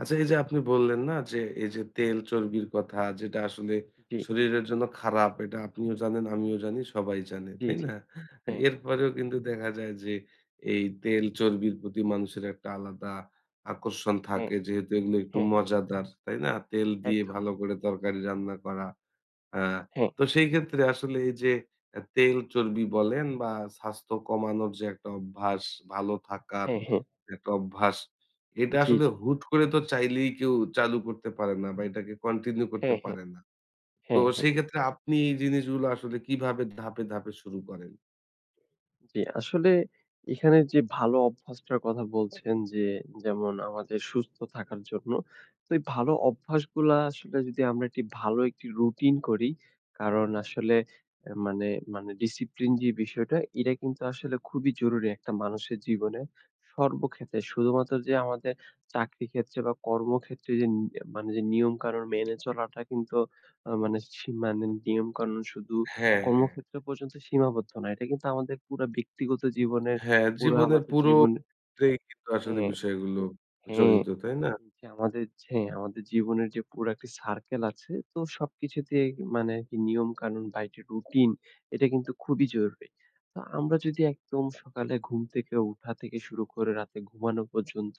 আচ্ছা। এই যে আপনি বললেন না? যে এই যে তেল চর্বির কথা যেটা আসলে জি। শরীরের জন্য খারাপ এটা আপনিও জানেন, আমিও জানি। সবাই জানে। জি, তাই জি। না? হ্যাঁ। এরপরেও কিন্তু দেখা যায় যে এই তেল চর্বির প্রতি মানুষের একটা আলাদা আকর্ষণ হু, থাকে যেহেতু এগুলো একটু হু, হু। মজাদার। তাই না? তেল দিয়ে একদম। ভালো করে তরকারি রান্না করা। আ হ্যাঁ। তো সেই ক্ষেত্রে আসলে এই যে অ্যা তেল চর্বি বলেন বা স্বাস্থ্য কমানোর যে একটা অভ্যাস ভালো থাকার হ্যাঁ, হ্যাঁ। একটা অভ্যাস। এটা জি, আসলে জি। হুট করে তো চাইলেই কেউ চালু করতে পারে না বা এটাকে কন্টিনিউ করতে হ্যাঁ, হ্যাঁ, পারে না। তো হ্যাঁ, হ্যাঁ। সেই ক্ষেত্রে আপনি এই জিনিসগুলো আসলে কিভাবে ধাপে, ধাপে শুরু করেন? জী, আসলে এখানে যে ভালো অভ্যাসটার কথা বলছেন, যে যেমন আমাদের সুস্থ থাকার জন্য। তো এই ভালো অভ্যাসগুলা আসলে যদি আমরা একটি ভালো একটি রুটিন করি কারণ আসলে অ্যা মানে, মানে discipline যে বিষয়টা এটা কিন্তু আসলে খুবই জরুরি একটা মানুষের জীবনে। সর্বক্ষেত্রে শুধুমাত্র যে আমাদের চাকরি ক্ষেত্রে বা কর্মক্ষেত্রে যেন অ্যা মানে যে নিয়মকানুন মেনে চলাটা কিন্তু আ মানে, সিমানেন নিয়মকানুন শুধু হ্যাঁ, হ্যাঁ। কর্মক্ষেত্রে পর্যন্ত সীমাবদ্ধ নয়। এটা কিন্তু আমাদের পুরা ব্যক্তিগত জীবনের হ্যাঁ, পুরা জীবনের আমাদের পুরো জীবনে ক্ষেত্রেই কিন্তু আসলে হ্যাঁ, বিষয়গুলো হ্যাঁ, জড়িত তাই না? হ্যাঁ আমাদের ছে আমাদের জীবনের যে পুরো একটা circle আছে তো সবকিছুতেই মানে আরকি নিয়ম কানুন বা একটি রুটিন এটা কিন্তু খুবই জরুরি। তো আমরা যদি একদম সকালে ঘুম থেকে উঠা থেকে শুরু করে রাতে ঘুমানো পর্যন্ত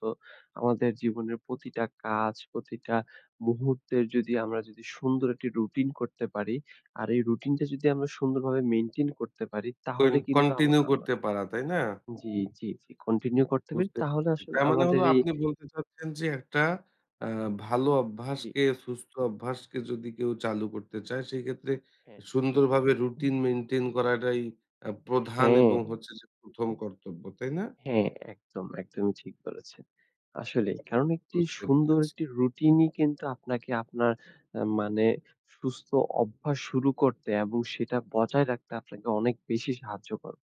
আমাদের জীবনের প্রতিটা কাজ প্রতিটা মুহূর্তের যদি আমরা যদি সুন্দর একটি রুটিন করতে পারি। আর এই রুটিনটা যদি আমরা সুন্দরভাবে মেইনটেইন করতে পারি কইন তাহলে কিন্তু আমা কন্টিনিউ আমা করতে পারা, তাই না? জি, জি, জি। কন্টিনিউ করতে পারি, বুঝতে, তাহলে আসলে তার মানে হলো আমাদের এই আপনি বলতে চাচ্ছেন যে একটা আ ভালো জি। অভ্যাসকে সুস্থ অভ্যাসকে যদি কেউ চালু করতে চায় সেক্ষেত্রে হ্যাঁ। সুন্দরভাবে রুটিন মেইনটেইন করাটাই অ্যা প্রধান হ্যাঁ। এবং হচ্ছে যে ১ম, কর্তব্য, তাই না? হ্যাঁ, একদম একদমই ঠিক বলেছেন। আসলেই কারণ একটি বুঝতে সুন্দর পেরেছি। একটি রুটিনই কিন্তু আপনাকে আপনার অ্যা মানে সুস্থ অভ্যাস শুরু করতে এবং সেটা বজায় রাখতে আপনাকে অনেক বেশি সাহায্য করবে।